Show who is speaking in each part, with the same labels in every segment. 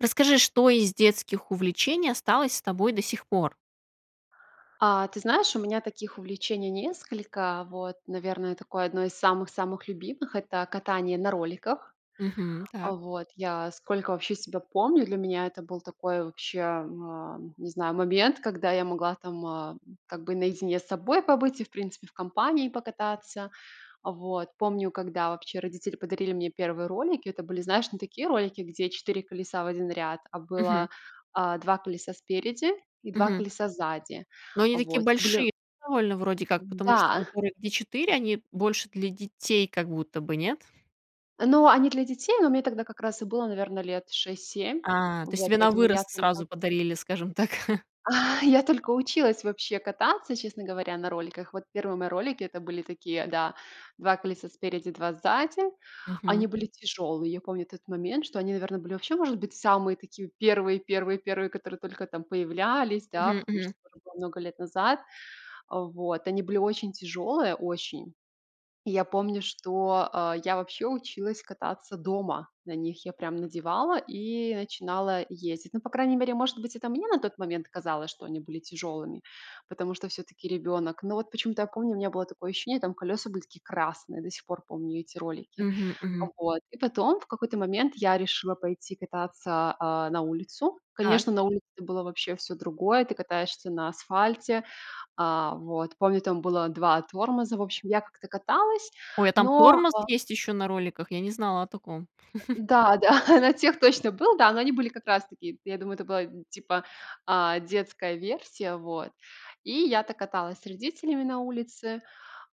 Speaker 1: Расскажи, что из детских увлечений осталось с тобой до сих пор?
Speaker 2: А, ты знаешь, у меня таких увлечений несколько. Вот, наверное, такое одно из самых-самых любимых- это катание на роликах.
Speaker 1: Мгм,
Speaker 2: А,
Speaker 1: так.
Speaker 2: вот я сколько вообще себя помню, для меня это был такой вообще, а, не знаю, момент, когда я могла там, а, как бы наедине с собой побыть и, в принципе, в компании покататься. Вот, помню, когда вообще родители подарили мне 1 ролики, это были, знаешь, не такие ролики, где 4 колеса в 1 ряд, а
Speaker 1: Мгм.
Speaker 2: было, а, 2 колеса спереди и 2
Speaker 1: Мгм.
Speaker 2: колеса сзади.
Speaker 1: Но они такие
Speaker 2: Вот, это были
Speaker 1: большие довольно вроде как.
Speaker 2: Мгм,
Speaker 1: Потому что
Speaker 2: да.
Speaker 1: которые, где 4, они больше для детей как будто бы, нет?
Speaker 2: Ну, они для детей, но мне тогда как раз и было, наверно, лет 6-7.
Speaker 1: А, то есть
Speaker 2: Вот
Speaker 1: тебе на
Speaker 2: поэтому я
Speaker 1: вырост
Speaker 2: только
Speaker 1: сразу подарили, скажем так.
Speaker 2: Я только училась вообще кататься, честно говоря, на роликах. Вот, первые мои ролики, это были такие, да, 2 колеса спереди, 2 сзади. Они
Speaker 1: Мгм.
Speaker 2: были тяжёлые. Я помню тот момент, что они, наверно, были вообще, может быть, самые такие первые-первые-первые, которые только там появлялись, да,
Speaker 1: Мгм,
Speaker 2: потому что
Speaker 1: мгм.
Speaker 2: это было много лет назад. Вот, они были очень тяжёлые, очень. И я помню, что, э, я вообще училась кататься дома на них. Я прям надевала и начинала ездить. Ну, по крайней мере, может быть, это мне на тот момент казалось, что они были тяжёлыми, потому что всё-таки ребёнок. Но, вот, почему-то я помню, у меня было такое ощущение, там колеса были такие красные. До сих пор помню эти ролики.
Speaker 1: Мгм, мгм.
Speaker 2: Вот, и потом в какой-то момент я решила пойти кататься, а, на улицу.
Speaker 1: Так.
Speaker 2: Конечно, на улице было вообще всё другое, ты катаешься на асфальте. А, вот, помню, там было 2 тормоза, в общем, я как-то каталась,
Speaker 1: Ой, а там
Speaker 2: но,
Speaker 1: тормоз
Speaker 2: а
Speaker 1: есть ещё на роликах? Я не знала о таком.
Speaker 2: Да-да, на тех точно был, да. Но они были как раз таки, я думаю, это была, типа, а, детская версия. Вот, и я так каталась с родителями на улице.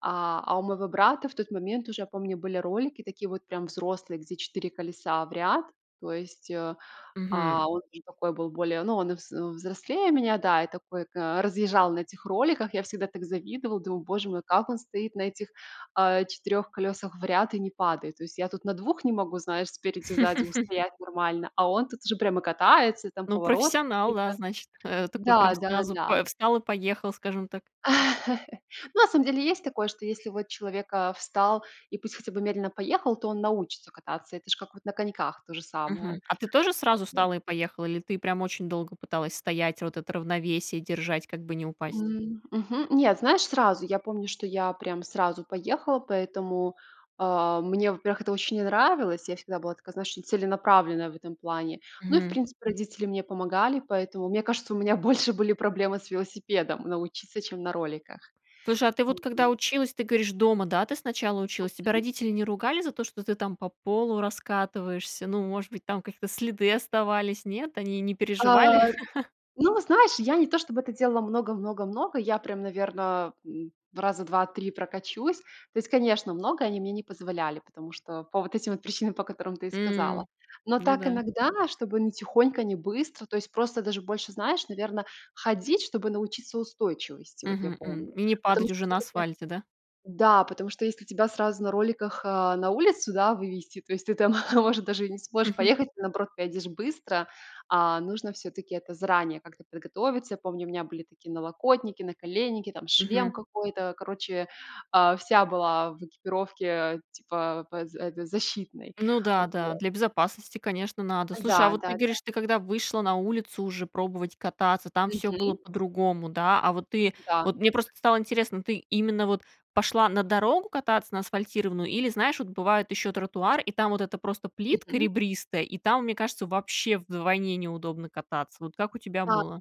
Speaker 2: А а у моего брата, в тот момент, уже я помню, были ролики такие, вот прям взрослые, где 4 колеса в ряд. То есть, э,
Speaker 1: Мгм.
Speaker 2: а, он уже такой был более, ну, он и вз взрослее меня, да, и такой ка разъезжал на этих роликах. Я всегда так завидовала, думаю: "Боже мой, как он стоит на этих, а, 4 колесах в ряд и не падает?" То есть я тут на 2 не могу, знаешь, спереди, сзади устоять нормально, а он тут уже прямо катается, там
Speaker 1: Ну,
Speaker 2: повороты
Speaker 1: профессионал,
Speaker 2: какие-то.
Speaker 1: да, значит, э, такой прям сразу,
Speaker 2: Да-да-да.
Speaker 1: э, встал и поехал, скажем так.
Speaker 2: На самом деле есть такое, что если вот человек, а, встал и пусть хотя бы медленно поехал, то он научится кататься. Это ж как вот на коньках то же самое,
Speaker 1: Мгм, а ты тоже
Speaker 2: как
Speaker 1: сразу
Speaker 2: бы.
Speaker 1: встала и поехала? Или ты прям очень долго пыталась стоять, вот это равновесие держать, как бы не упасть?
Speaker 2: М, мгм, нет, знаешь, сразу я помню, что я прям сразу поехала. Поэтому, а, мне, во-первых, это очень не нравилось. Я всегда была такая, знаешь, целенаправленная в этом плане. Ну, и, в
Speaker 1: Мгм.
Speaker 2: принципе, родители мне помогали, поэтому, мне кажется, у меня больше были проблемы с велосипедом научиться, чем на роликах.
Speaker 1: Слушай, а ты вот когда
Speaker 2: Вот.
Speaker 1: училась, ты говоришь, дома, да, ты сначала училась? Тебя
Speaker 2: Мгм.
Speaker 1: родители не ругали за то, что ты там по полу раскатываешься? Ну, может быть, там какие-то следы оставались? Нет? Они не переживали?
Speaker 2: Э, ну, знаешь, я не то чтобы это делала много-много-много, я прям, наверно, м, раза 2-3 прокачусь. То есть, конечно, много они мне не позволяли, потому что по вот этим вот причинам, по которым ты и сказала.
Speaker 1: М,
Speaker 2: Но
Speaker 1: ну
Speaker 2: так
Speaker 1: да.
Speaker 2: иногда, чтобы не тихонько, не быстро, то есть просто даже больше, знаешь, наверно, ходить, чтобы научиться устойчивости, вот я
Speaker 1: Мгм, м,
Speaker 2: помню.
Speaker 1: и не
Speaker 2: Потому
Speaker 1: падать
Speaker 2: что
Speaker 1: уже на
Speaker 2: всё-таки
Speaker 1: асфальте, да?
Speaker 2: да, потому что если тебя сразу на роликах, а, на улицу, да, вывести, то есть ты там, может, даже и не сможешь
Speaker 1: Мгм.
Speaker 2: поехать, ты, наоборот, поедешь быстро. А нужно всё-таки это заранее как-то подготовиться. Я помню, у меня были такие налокотники, наколенники, там шлем
Speaker 1: Мгм.
Speaker 2: какой-то. Короче, а, вся была в экипировке типа пэ зе д защитной,
Speaker 1: Ну да,
Speaker 2: вот.
Speaker 1: да, для безопасности, конечно, надо. Слушай, а
Speaker 2: Да,
Speaker 1: вот
Speaker 2: да,
Speaker 1: ты
Speaker 2: да.
Speaker 1: говоришь, ты когда вышла на улицу уже пробовать кататься, там всё было
Speaker 2: Мгм.
Speaker 1: по-другому, да. А вот ты,
Speaker 2: Да.
Speaker 1: вот мне просто стало интересно, ты именно, вот пошла на дорогу кататься на асфальтированную или, знаешь, вот бывают ещё тротуар. И там вот это просто плитка
Speaker 2: Мгм.
Speaker 1: ребристая, и там, мне кажется, вообще вдвойне неудобно кататься. Вот как у тебя
Speaker 2: [unintelligible]
Speaker 1: было?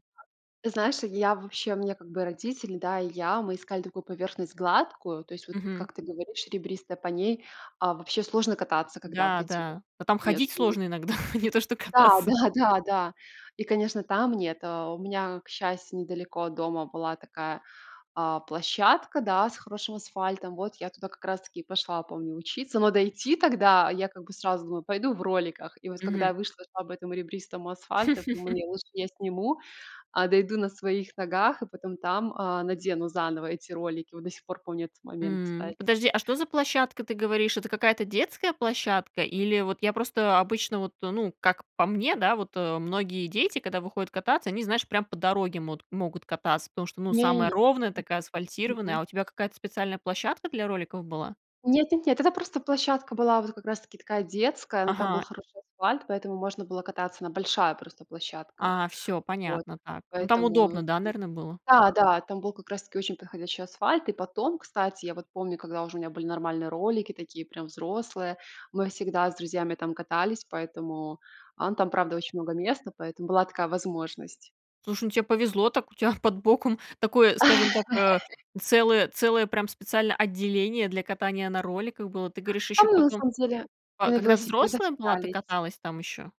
Speaker 2: .Ты знаешь, я вообще, у меня, как бы, родители, да, и я, мы искали такую поверхность гладкую, то есть, вот
Speaker 1: Мгм.
Speaker 2: как ты говоришь ребристая, по ней, а, вообще сложно кататься, когда вот
Speaker 1: Да,
Speaker 2: эти вот
Speaker 1: да. Та там ходить
Speaker 2: между
Speaker 1: сложно иногда, не то что
Speaker 2: Да
Speaker 1: кататься.
Speaker 2: да да да. И, конечно, там нет Э, у меня, к счастью, недалеко от дома была такая, а, площадка, да, с хорошим асфальтом. Вот, я туда как раз таки и пошла, помню, учиться. Но дойти тогда я, как бы, сразу думаю: "Пойду в роликах". И вот, когда
Speaker 1: Мгм.
Speaker 2: я вышла, шла по этом ребристому асфальту, я подумала: "Не лучше я сниму, а дойду на своих ногах и потом там, а, надену заново эти ролики." Вот, до сих пор помню этот момент,
Speaker 1: М,
Speaker 2: кстати.
Speaker 1: подожди, а что за площадка, ты говоришь? Это какая-то детская площадка? Или вот я просто обычно, вот, ну, как по мне, да, вот многие дети, когда выходят кататься, они, знаешь, прям по дороге мот могут кататься. Потому что, ну, самая
Speaker 2: Не-не-не.
Speaker 1: ровная, такая
Speaker 2: М.
Speaker 1: асфальтированная.
Speaker 2: Мгм.
Speaker 1: А у тебя какая-то специальная площадка для роликов была?
Speaker 2: Нет-нет-нет. Это просто площадка была, вот как раз таки такая детская, но там был
Speaker 1: Ага.
Speaker 2: хороший асфальт, поэтому можно было кататься. Она большая просто площадка.
Speaker 1: А, всё
Speaker 2: Вот
Speaker 1: понятно. Так, ну, там
Speaker 2: поэтому,
Speaker 1: удобно, да, наверно, было?
Speaker 2: да-да, там был как раз таки очень подходящий асфальт. И потом, кстати, я вот помню, когда уже у меня были нормальные ролики, такие прям взрослые, мы всегда с друзьями там катались, поэтому ан правда очень много места, поэтому была такая возможность.
Speaker 1: Слушай, ну тебе повезло так, у тебя под боком такое, скажем так, э, целое целое прям специальное отделение для катания на роликах было. Ты говоришь,
Speaker 2: Там
Speaker 1: еще
Speaker 2: мы на
Speaker 1: потом,
Speaker 2: самом деле и
Speaker 1: ка
Speaker 2: на
Speaker 1: когда
Speaker 2: велосипедах
Speaker 1: взрослая была, ты
Speaker 2: катались.
Speaker 1: каталась там еще?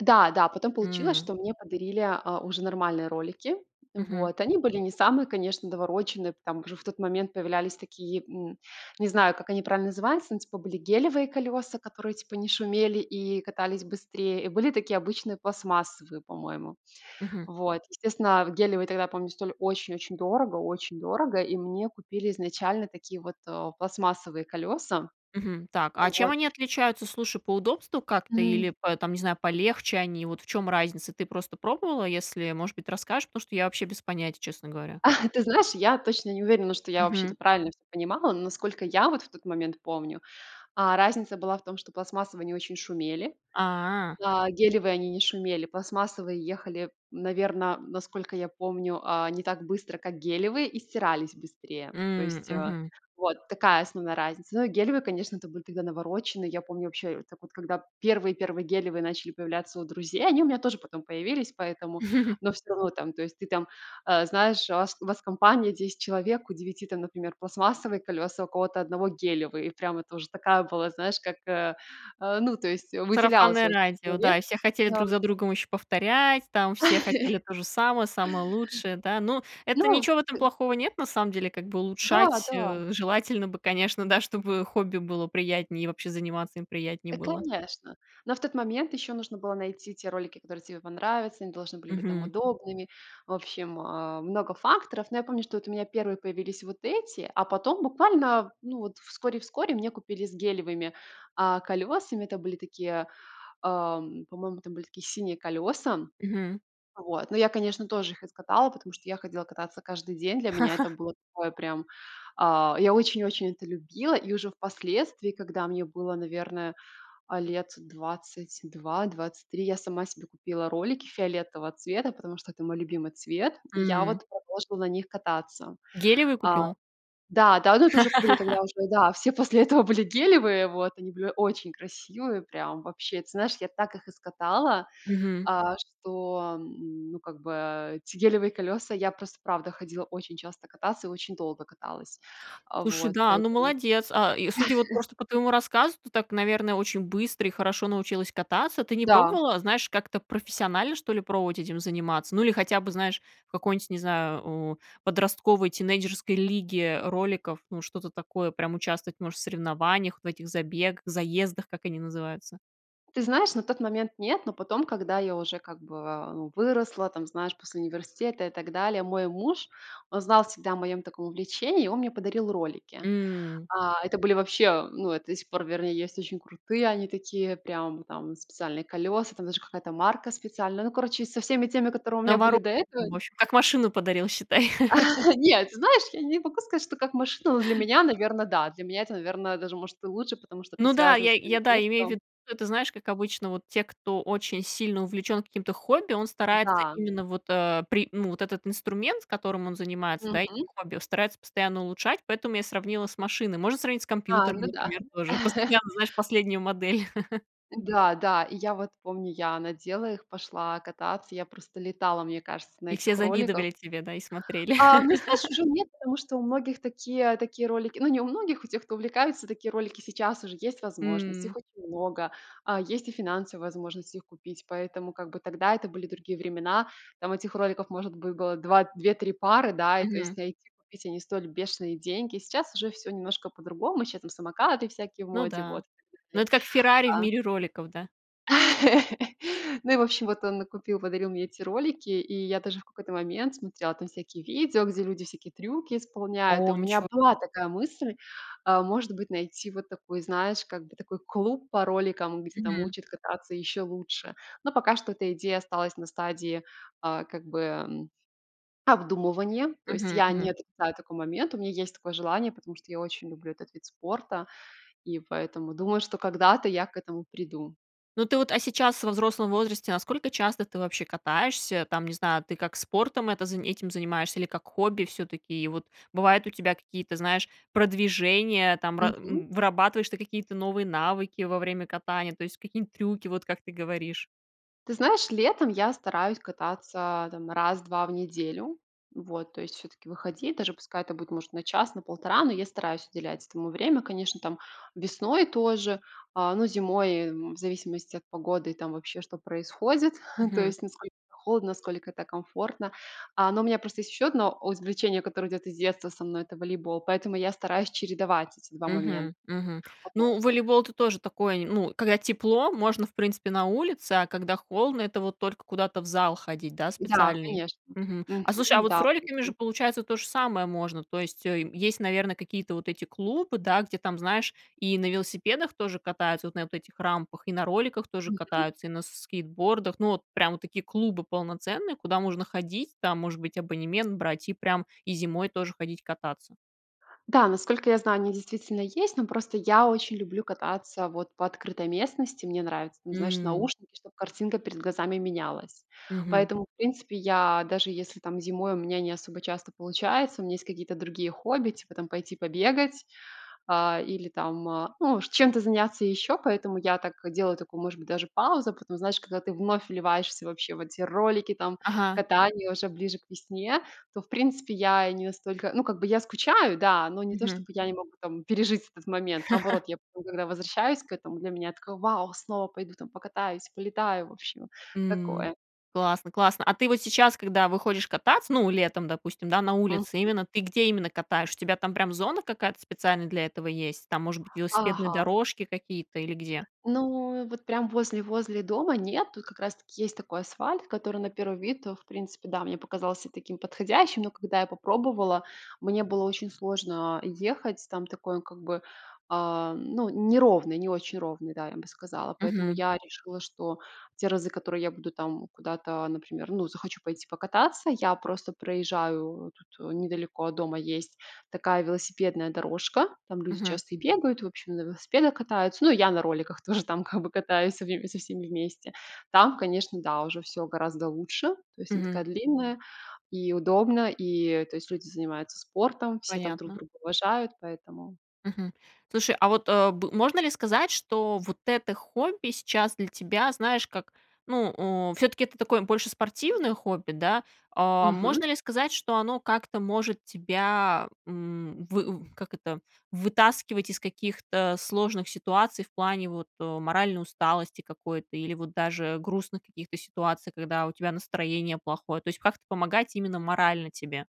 Speaker 2: Да, да, потом получилось,
Speaker 1: М.
Speaker 2: что мне подарили, а, уже нормальные ролики.
Speaker 1: Мгм.
Speaker 2: Вот. Они были не самые, конечно, навороченные. Там уже в тот момент появлялись такие, м, не знаю, как они правильно называются, ну, типа были гелевые колеса, которые, типа, не шумели и катались быстрее, и были такие обычные пластмассовые, по-моему.
Speaker 1: Мгм.
Speaker 2: Вот. Естественно, а, гелевые тогда, помню, стоили очень-очень дорого, очень дорого, и мне купили изначально такие вот, о, пластмассовые колеса.
Speaker 1: Мгм. Так, а чем
Speaker 2: Вот.
Speaker 1: они отличаются, слушай, по удобству как-то
Speaker 2: М.
Speaker 1: или по там не знаю, полегче они? Вот в чём разница? Ты просто пробовала, если, может быть, расскажешь, потому что я вообще без понятия, честно говоря.
Speaker 2: Ты знаешь, я точно не уверена, что я вообще-то
Speaker 1: Мгм.
Speaker 2: правильно всё понимала, но насколько я в тот момент помню, а, разница была в том, что пластмассовые они очень шумели,
Speaker 1: А.
Speaker 2: а, гелевые они не шумели. Пластмассовые ехали, наверно, насколько я помню, а, не так быстро, как гелевые и стирались быстрее. То
Speaker 1: М,
Speaker 2: есть, э,
Speaker 1: мгм.
Speaker 2: вот такая основная разница. Но и гелевые, конечно, это были тогда навороченные. Я помню вообще так вот, когда первые-первые гелевые начали появляться у друзей, они у меня тоже потом появились поэтому. Но всё равно там, то есть ты там, э, знаешь, у вас, у вас в компании 10 человек, у 9 там, например, пластмассовые колеса, у кого-то одного гелевые. И прямо тоже такая была, знаешь, как, э, э, ну, то есть выделялся
Speaker 1: Сарафанное
Speaker 2: очень
Speaker 1: радио,
Speaker 2: человек.
Speaker 1: да, и все хотели друг
Speaker 2: Ам.
Speaker 1: за другом еще повторять, там все хотели то же самое, самое лучшее, да, но это
Speaker 2: Ну,
Speaker 1: ничего, в этом
Speaker 2: п
Speaker 1: плохого нет. На самом деле как бы
Speaker 2: Да,
Speaker 1: улучшать,
Speaker 2: да.
Speaker 1: э, желательно бы, конечно, да, чтобы хобби было приятнее и вообще заниматься им приятнее
Speaker 2: Э,
Speaker 1: было.
Speaker 2: конечно. Но в тот момент еще нужно было найти те ролики, которые тебе понравятся, они должны были быть там
Speaker 1: Мгм.
Speaker 2: удобными. В общем, э, много факторов. Но я помню, что вот у меня первые появились вот эти, а потом буквально, ну, вот вскоре-вскоре мне купили с гелевыми, а, колесами. Это были такие, э, м, по-моему, там были такие синие колеса.
Speaker 1: Мгм.
Speaker 2: Вот. Но я, конечно, тоже их искатала, потому что я ходила кататься каждый день. Для меня это было такое прям, а, я очень-очень это любила, и уже впоследствии, когда мне было, наверное, а, лет 22-23, я сама себе купила ролики фиолетового цвета, потому что это мой любимый цвет. И я
Speaker 1: М.
Speaker 2: вот продолжила на них кататься.
Speaker 1: Гелевые
Speaker 2: А,
Speaker 1: купила?
Speaker 2: да да, но это уже были тогда уже, да, все после этого были гелевые. Вот они были очень красивые, прям вообще. Ты знаешь, я так их и скатала,
Speaker 1: Мгм.
Speaker 2: а, что, ну, как бы, э, эти гелевые колеса, я просто, правда, ходила очень часто кататься и очень долго каталась.
Speaker 1: Слушай,
Speaker 2: Вот,
Speaker 1: да, ну
Speaker 2: поэтому.
Speaker 1: молодец. А, и, судя вот просто по твоему рассказу, ты так, наверно, очень быстро и хорошо научилась кататься. Ты не
Speaker 2: Да.
Speaker 1: пробовала, знаешь, как-то профессионально, что ли, пробовать этим заниматься? Ну, или хотя бы, знаешь, в какой-нибудь, не знаю, о, подростковой тинейджерской лиге роликов, ну, что-то такое, прям участвовать, может, в соревнованиях, в этих забе заездах, как они называются?
Speaker 2: Ты знаешь, на тот момент нет, но потом, когда я уже как бы выросла, там, знаешь, после университета и так далее, мой муж, он знал всегда о моем таком увлечении, и он мне подарил ролики.
Speaker 1: М.
Speaker 2: А это были вообще, ну, это до сих пор, вернее, есть очень крутые, они такие прям, там специальные колеса, там даже какая-то марка специальная. Ну, короче, со всеми теми, которые у
Speaker 1: На
Speaker 2: меня были
Speaker 1: вару
Speaker 2: до этого
Speaker 1: мош как машину подарил, считай.
Speaker 2: Нет, знаешь, я не могу сказать, что как машина, но для меня, наверно, да. Для меня это, наверно, даже может и лучше, потому что это
Speaker 1: Ну да,
Speaker 2: связано
Speaker 1: я
Speaker 2: с моим
Speaker 1: я, да, имею в
Speaker 2: детством.
Speaker 1: виду, это, знаешь, как обычно, вот те, кто очень сильно увлечен каким-то хобби, он старается
Speaker 2: Да.
Speaker 1: именно вот, э, при ну, этот инструмент, с которым он занимается, да, этим
Speaker 2: Мгм.
Speaker 1: хобби, старается постоянно улучшать, поэтому я сравнила с машиной. Можно сравнить с
Speaker 2: А,
Speaker 1: компьютером,
Speaker 2: ну да.
Speaker 1: например, тоже постоянно, знаешь, последнюю модель.
Speaker 2: Да, да. И я вот помню, я надела их, пошла кататься. Я просто летала, мне кажется, на
Speaker 1: И все
Speaker 2: этих роликах.
Speaker 1: завидовали тебе, да и смотрели.
Speaker 2: А, ну, знаешь, уже нет, потому что у многих такие такие ролики, ну, не у многих, у тех, кто увлекается, такие ролики сейчас уже есть возможность,
Speaker 1: М.
Speaker 2: их очень много, а, есть и финансовая возможность их купить, поэтому, как бы, тогда это были другие времена. Там этих роликов, может быть, было 2 2-3 пары, да, и, то есть,
Speaker 1: Мгм.
Speaker 2: найти, купить- они стоили бешеные деньги. Сейчас уже всё немножко по-другому. Щас там самокаты всякие в
Speaker 1: Ну
Speaker 2: моде,
Speaker 1: да.
Speaker 2: вот, в
Speaker 1: Ну,
Speaker 2: смысле,
Speaker 1: это как "Феррари" в
Speaker 2: а
Speaker 1: мире роликов, да?
Speaker 2: Ну, и, в общем, вот он накупил, подарил мне эти ролики, и я даже в какой-то момент смотрела там всякие видео, где люди всякие трюки исполняют. И у
Speaker 1: О,
Speaker 2: меня
Speaker 1: ничего
Speaker 2: была такая мысль, э, может быть, найти вот такой, знаешь, как бы такой клуб по роликам, где там
Speaker 1: Мгм.
Speaker 2: учат кататься еще лучше. Но пока что эта идея осталась на стадии, а, как бы, м, обдумывания. То есть
Speaker 1: Мгм.
Speaker 2: я не
Speaker 1: Мгм.
Speaker 2: отрицаю такой момент, у меня есть такое желание, потому что я очень люблю этот вид спорта и поэтому думаю, что когда-то я к этому приду.
Speaker 1: Ну, ты вот, а сейчас во взрослом возрасте насколько часто ты вообще катаешься? Там, не знаю, ты как спортом это зани этим занимаешься или как хобби всё-таки? И вот бывают у тебя какие-то, знаешь, продвижения там, ра
Speaker 2: Мгм.
Speaker 1: м, вырабатываешь ты какие-то новые навыки во время катания, то есть какие-нибудь трюки, вот как ты говоришь.
Speaker 2: Ты знаешь, летом я стараюсь кататься, а там 1-2 в неделю. Вот, то есть всё-таки выходить. Даже пускай это будет, может, на час, на полтора, но я стараюсь уделять этому время. Конечно, там весной тоже, э, ну, зимой, м, в зависимости от погоды и там вообще, что происходит, то
Speaker 1: Мгм.
Speaker 2: есть насколько холодно, насколько это комфортно. А, но у меня просто есть еще одно оз увлечение, которое идет из детства со мной,- это волейбол, поэтому я стараюсь чередовать эти 2 момента.
Speaker 1: Мгм. Мгм.
Speaker 2: Вот.
Speaker 1: Ну, волейбол- это тоже такое нем ну, когда тепло, можно, в принципе, на улице, а когда холодно- это вот только куда-то в зал ходить, да,
Speaker 2: Да,
Speaker 1: специальный.
Speaker 2: конечно.
Speaker 1: Мгм. А слушай, а
Speaker 2: Мгм.
Speaker 1: вот с
Speaker 2: Да.
Speaker 1: роликами
Speaker 2: Мгм.
Speaker 1: же получается то же самое можно? То есть, э, мь есть, наверно, какие-то вот эти клубы, да, где там, знаешь, и на велосипедах тоже катаются, вот на вот этих рампах, и на роликах тоже
Speaker 2: Мгм.
Speaker 1: катаются, и на с скейтбордах. Ну, вот прям вот такие клубы полноценные, куда можно ходить, там, может быть, абонемент брать и прям и зимой тоже ходить кататься.
Speaker 2: Да, насколько я знаю, они действительно есть, но просто я очень люблю кататься вот по открытой местности. Мне нравятся, там, знаешь,
Speaker 1: М.
Speaker 2: наушники, чтобы картинка перед глазами менялась.
Speaker 1: Мгм.
Speaker 2: Поэтому, в принципе, я даже если там зимой у меня не особо часто получается, у меня есть какие-то другие хобби, типа там пойти побегать, а, или там, а, ну, чем-то заняться еще, поэтому я так делаю такую, может быть, даже паузу. Потом, знаешь, когда ты вновь вливаешься вообще в эти ролики, там
Speaker 1: Ага.
Speaker 2: катание уже ближе к весне, то, в принципе, я не настолько, ну, как бы я скучаю, да, но не то
Speaker 1: Мгм.
Speaker 2: чтобы я не могу там пережить этот момент. Наоборот, я потом, когда возвращаюсь к этому, для меня такое: "Вау! Снова пойду там покатаюсь, полетаю". В общем,
Speaker 1: М,
Speaker 2: такое.
Speaker 1: классно классно! А ты вот сейчас, когда выходишь кататься, ну, летом, допустим, да, на улице,
Speaker 2: Мгм.
Speaker 1: именно ты, где именно катаешь? У тебя там прям зона какая-то специальная для этого есть? Там, может быть, велосипедные
Speaker 2: Ага!
Speaker 1: дорожки какие-то или где?
Speaker 2: Ну, вот прям возле возле дома нет. Ту как раз-таки есть такой асфальт, который на первый вид, о в принципе, да, мне показался таким подходящим, но, когда я попробовала, мне было очень сложно ехать. Там такой он, как бы, а, ну, неровный, не очень ровный, да, я бы сказала. Поэтому
Speaker 1: Мгм.
Speaker 2: я решила, что те разы, которые я буду там куда-то, например, ну, захочу пойти покататься, я просто проезжаю тут: недалеко от дома есть такая велосипедная дорожка, там люди
Speaker 1: Мгм.
Speaker 2: часто и бегают, в общем, на велосипедах катаются. Ну, и я на роликах тоже там, как бы, катаюсь в со всеми вместе. Там, конечно, да, уже всё гораздо лучше. То есть она такая
Speaker 1: Мгм.
Speaker 2: длинная и удобная, и, то есть, люди занимаются спортом, все там друг
Speaker 1: Понятно.
Speaker 2: друга уважают, поэтому
Speaker 1: Мгм. Слушай, а вот, э, б можно ли сказать, что вот это хобби сейчас для тебя, знаешь, как, ну, у, всё-таки это такое больше спортивное хобби, да? А
Speaker 2: Мгм.
Speaker 1: можно ли сказать, что оно как-то может тебя, м, вы в как это, вытаскивать из каких-то сложных ситуаций в плане вот, э, моральной усталости какой-то или вот даже грустных каких-то ситуаций, когда у тебя настроение плохое, то есть как-то помогать именно морально тебе?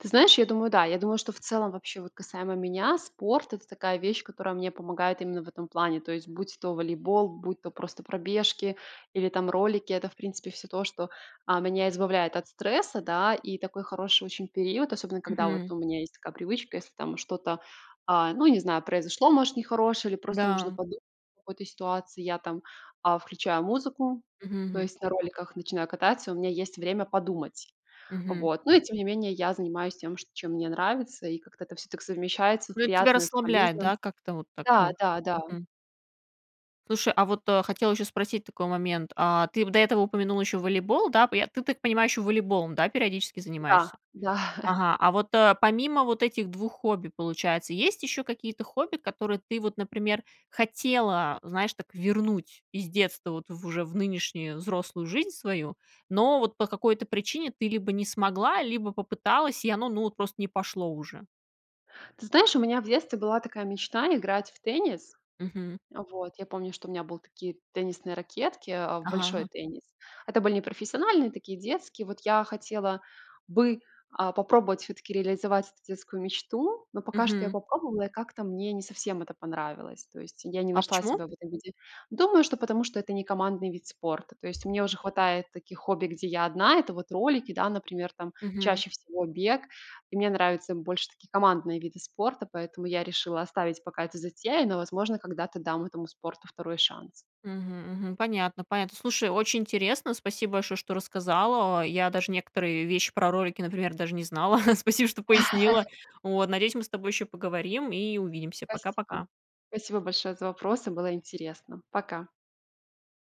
Speaker 2: Ты знаешь, я думаю, да. Я думаю, что в целом, вообще, вот касаемо меня, спорт- это такая вещь, которая мне помогает именно в этом плане. То есть, будь то волейбол, будь то просто пробежки или там ролики- это, в принципе, всё то, что, а, меня избавляет от стресса, да. И такой хороший очень период, особенно когда вот
Speaker 1: Мгм.
Speaker 2: у меня есть такая привычка: если там что-то, а, ну, не знаю, произошло, может, нехорошее или просто нужно
Speaker 1: Да.
Speaker 2: подумать о какой-то ситуации. Я там, а, включаю музыку,
Speaker 1: Мгм
Speaker 2: то
Speaker 1: мгм.
Speaker 2: есть на роликах начинаю кататься, и у меня есть время подумать.
Speaker 1: Мгм.
Speaker 2: Вот. Ну и, тем не менее, я занимаюсь тем, чт чем мне нравится, и как-то это всё так совмещается-
Speaker 1: Ну, это тебя
Speaker 2: приятное с
Speaker 1: расслабляет,
Speaker 2: полезным.
Speaker 1: да, как-то вот так, ну.
Speaker 2: Да-да-да.
Speaker 1: Мгм. Слушай, а вот, э, хотела еще спросить такой момент: а ты, п до этого упомянула еще волейбол, да, п Я, ты, так понимаю, еще волейболом, да, периодически занимаешься?
Speaker 2: Да-да.
Speaker 1: Ага, а вот, э, помимо вот этих 2 хобби, получается, есть еще какие-то хобби, которые ты вот, например, хотела, знаешь, так вернуть из детства вот в, уже в нынешнюю взрослую жизнь свою, но вот по какой-то причине ты либо не смогла, либо попыталась, и оно, ну, вот просто не пошло уже.
Speaker 2: Ты знаешь, у меня в детстве была такая мечта- играть в теннис.
Speaker 1: Мгм.
Speaker 2: Вот. Я помню, что у меня был такие теннисные ракетки, э, в
Speaker 1: Ага,
Speaker 2: большой
Speaker 1: ага.
Speaker 2: теннис. Это были непрофессиональные, такие детские. Вот я хотела бы, а, попробовать все-таки реализовать эту детскую мечту, но пока что я
Speaker 1: Мгм.
Speaker 2: попробовала, и как-то мне не совсем это понравилось. То есть я не
Speaker 1: А
Speaker 2: нашла
Speaker 1: почему?
Speaker 2: себя в этом виде. Думаю, что потому что это не командный вид спорта. То есть мне уже хватает таких хобби, где я одна. Это вот ролики, да, например, там
Speaker 1: Мгм.
Speaker 2: чаще всего бег. И мне нравятся больше такие командные виды спорта, поэтому я решила оставить пока эту затею, но, возможно, когда-то дам этому спорту 2 шанс.
Speaker 1: Мгм мгм. Понятно понятно, слушай, очень интересно, спасибо большое, что рассказала. Я даже некоторые вещи про ролики, например, даже не знала, спасибо, что пояснила. Вот. Надеюсь, мы с тобой еще поговорим и увидимся.
Speaker 2: Спасибо.
Speaker 1: Пока-пока.
Speaker 2: Спасибо большое за вопросы. Было интересно. Пока.